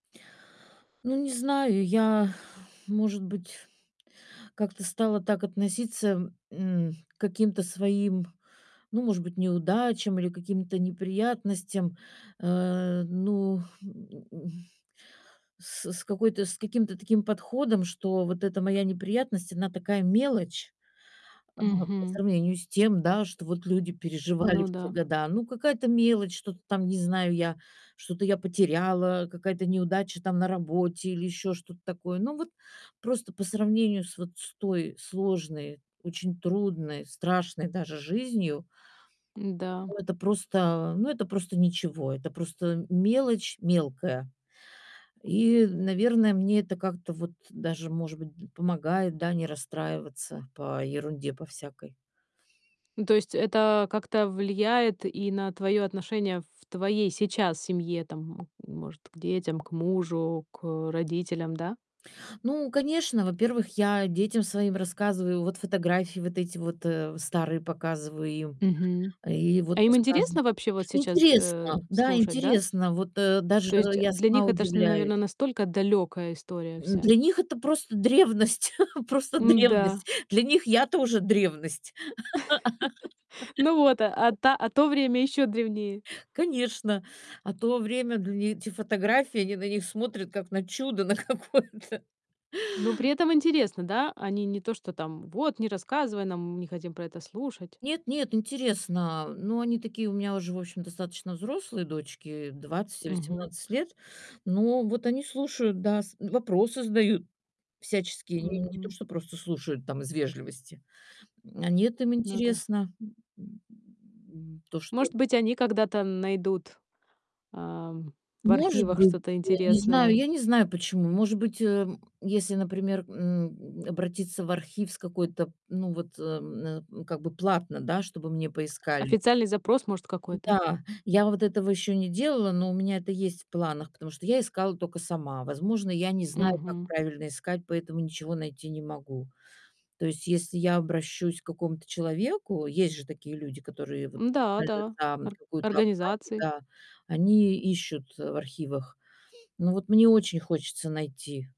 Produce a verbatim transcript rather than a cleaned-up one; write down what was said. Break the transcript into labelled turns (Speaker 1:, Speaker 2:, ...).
Speaker 1: Ну, не знаю, я, может быть, как-то стала так относиться, м, к каким-то своим, ну, может быть, неудачам или каким-то неприятностям, э, ну, м, с с какой-то с каким-то таким подходом, что вот эта моя неприятность- она такая мелочь, а, по
Speaker 2: Мгм.
Speaker 1: сравнению с тем, да, что вот люди переживали
Speaker 2: Ну
Speaker 1: в те
Speaker 2: да.
Speaker 1: года. Ну, какая-то мелочь, что-то там, не знаю, я что-то я потеряла, какая-то неудача там на работе или ещё что-то такое. Ну, вот просто по сравнению с вот с той сложной, очень трудной, страшной даже жизнью
Speaker 2: Н-да.
Speaker 1: это просто, ну, это просто ничего, это просто мелочь мелкая, и, наверное, мне это как-то вот даже, может быть, помогает, да, не расстраиваться по ерунде по всякой.
Speaker 2: Ну, то есть это как-то влияет и на твоё отношение в твоей сейчас семье, там, м может, к детям, к мужу, к родителям, да?
Speaker 1: Ну, конечно, во-первых, я детям своим рассказываю, вот фотографии, вот эти вот, э, старые показываю им,
Speaker 2: Мгм.
Speaker 1: и вот
Speaker 2: А им
Speaker 1: рассказ
Speaker 2: интересно вообще вот сейчас, э,
Speaker 1: интересно, да,
Speaker 2: слушать, да?
Speaker 1: интересно, вот, э, даже
Speaker 2: То есть
Speaker 1: я
Speaker 2: для
Speaker 1: сама
Speaker 2: них это ж,
Speaker 1: удивляюсь.
Speaker 2: наверное, настолько далёкая история
Speaker 1: М,
Speaker 2: вся.
Speaker 1: для них это просто древность, просто
Speaker 2: М-да.
Speaker 1: древность, для них я тоже древность.
Speaker 2: Ну вот, а та а то время ещё древнее.
Speaker 1: Конечно, а то время дл эти фотографии, они на них смотрят как на чудо, на какое-то.
Speaker 2: Но при этом интересно, да? Они не то, что там: "Вот, не рассказывай нам, не хотим про это слушать".
Speaker 1: Нет, нет, интересно. Ну они такие у меня уже, в общем, достаточно взрослые дочки двадцать и
Speaker 2: Мгм.
Speaker 1: восемнадцать лет. Ну вот они слушают, да. С вопросы задают, всяческие, не не то
Speaker 2: Мгм.
Speaker 1: что, просто слушают там из вежливости. Они это им
Speaker 2: Ну да.
Speaker 1: интересно, то, что
Speaker 2: Может быть, они когда-то найдут, эм, в
Speaker 1: Может
Speaker 2: архивах
Speaker 1: быть,
Speaker 2: что-то
Speaker 1: я не знаю
Speaker 2: интересное.
Speaker 1: я не знаю почему. Может быть, эм, если, например, м, обратиться в архив с какой-то, ну, вот, эм, м, как бы, платно, да, чтобы мне поискали.
Speaker 2: Официальный запрос, может, какой-то?
Speaker 1: Да, я вот этого ещё не делала, но у меня это есть в планах, потому что я искала токо сама. Возможно, я не знаю, как
Speaker 2: Мгм.
Speaker 1: правильно искать, поэтому ничего найти не могу. То есть, если я обращусь к какому-то человеку, есть же такие люди, которые, вот,
Speaker 2: М-да, да,
Speaker 1: специально за
Speaker 2: ор
Speaker 1: какую-то оплату,
Speaker 2: организаций.
Speaker 1: да, они ищут в архивах. Ну, вот мне очень хочется найти.